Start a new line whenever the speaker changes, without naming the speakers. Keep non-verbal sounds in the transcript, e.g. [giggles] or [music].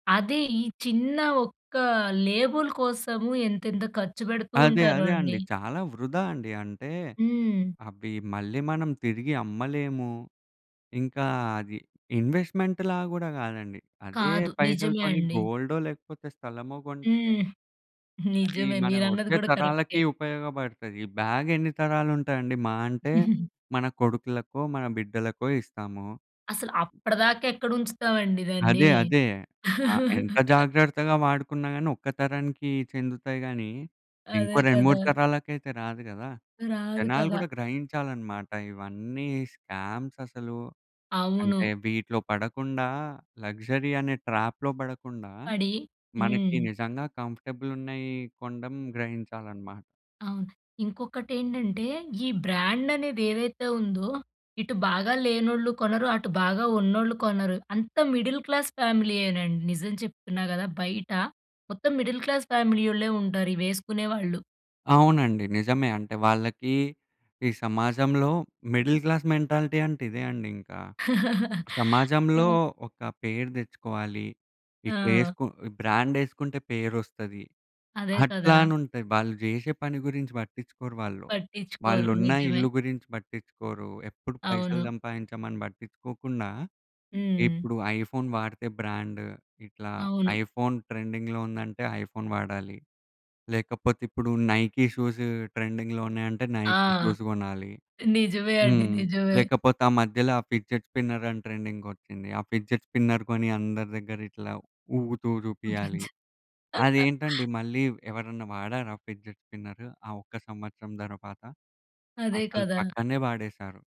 అది ఈ చిన్న ఒక్క లేబుల్ కోసము ఎంతెంత ఖర్చు పెడుతూ
అదే.
ఉంటారో
అదే
అండి.
అండి. చాలా వృధా అండి. అంటే,
హ్మ్.
అవి మళ్ళీ మనం తిరిగి అమ్మలేము. ఇంకా అది ఇన్వెస్ట్‌మెంట్‌లా గూడా కాదండి, అదే
కాదు. నిజమే
పైసలతోని
అండి.
గోల్డో లేకపోతే స్థలమో గొంటే
హ్మ్. [chuckles]
అది
నిజమే.
మన
మీరన్నది
వచ్చే
గూడా
తరాలకి
కరెక్టే.
ఉపయోగపడతాయి. ఈ బ్యాగెన్ని తరాలుంటదండి, మహా అంటే
[giggles]
మన కొడుకులకో మన బిడ్డలకో ఇస్తాము.
అసల అప్పటిదాకా ఎక్కడ ఉంచుతావండి దాన్ని.
అదే. అదే. ఆ! ఎంత
[chuckles]
జాగ్రత్తగా వాడుకున్నా గాని ఒక్క తరానికి చెందుతాయి గానీ, ఇంకో
అదే
2, 3
కదా!
తరాలకైతే రాదు గదా!
రాదు
జనాలు
కదా!
కూడా గ్రహించాలనమాట. ఇవన్నీ స్కామ్ససలు అంటే
అవును.
వీటిలో పడకుండా, లగ్జరీ అనే ట్రాప్‌లో పడకుండా
పడి
మనకి
హ్మ్.
నిజంగా కంఫర్టబులున్నాయి కొండం గ్రహించాలనమాట.
అవును. ఇంకొటేంటంటే, ఈ బ్రాండనేది ఏదైతే ఉందో, ఇటు బాగా లేనోళ్ళు కొనరు, అటు బాగా ఉన్నోళ్ళు కొనరు. అంతా మిడిల్ క్లాస్ ఫ్యామిలీయేనండి నిజం చెప్తున్నా గదా! బయట మొత్తం మిడిల్ క్లాస్ ఫ్యామిలీ ఓళ్ళే ఉంటారు ఇవేసుకునే వాళ్ళు.
అవునండి. నిజమే. అంటే వాళ్ళకి ఈ సమాజంలో మిడిల్ క్లాస్ మెంటాలిటీ అంటే ఇదే అండి ఇంకా.
[laughs]
సమాజంలో
ఆ!
ఒక పేరు తెచ్చుకోవాలి. ఇట్లా
ఆ!
ఏసుకొ బ్రాండేసుకుంటే పేరు వస్తది.
అదే కదా!
అట్లా అని ఉంటాయి. వాళ్ళు జేషే పని గురించి పట్టించుకోరు వాళ్ళు.
పట్టిచ్చుకోరు.
వాళ్ళున్న
నిజమే.
ఇల్లు గురించి పట్టించుకోరు. ఎప్పుడు పైసలు
అవును.
సంపాదించామని పట్టించుకోకుండా
హ్మ్.
ఇప్పుడు ఐఫోన్ వాడితే బ్రాండ్. ఇట్లా
అవును.
ఐఫోన్ ట్రెండింగ్‌లో ఉందంటే, ఐఫోన్ వాడాలి. లేకపోతే, ఇప్పుడు నైకి షూసు ట్రెండింగ్‌లో ఉన్నాయంటే
ఆ!
నైకి షూస్ గొనాలి.
నిజమే అండి.
హ్మ్.
నిజమే.
లేకపోతే ఆ మధ్యలో ఆ ఫిడ్జెట్ స్పిన్నర్ అని ట్రెండింగొచ్చింది. ఆ ఫిడ్జెట్ స్పిన్నర్ కొని అందరి దగ్గర ఇట్లా ఊగుతూ జూపియాలి.
ఊపించి. [chuckles]
అదేంటండి మళ్ళీ ఎవరైనా వాడారా ఫిడ్జెట్ స్పిన్నరు? ఆ ఒక్క సంవత్సరం తరువాత.
అదే
అసలు
కదా!
పక్కనే పాడేశారు.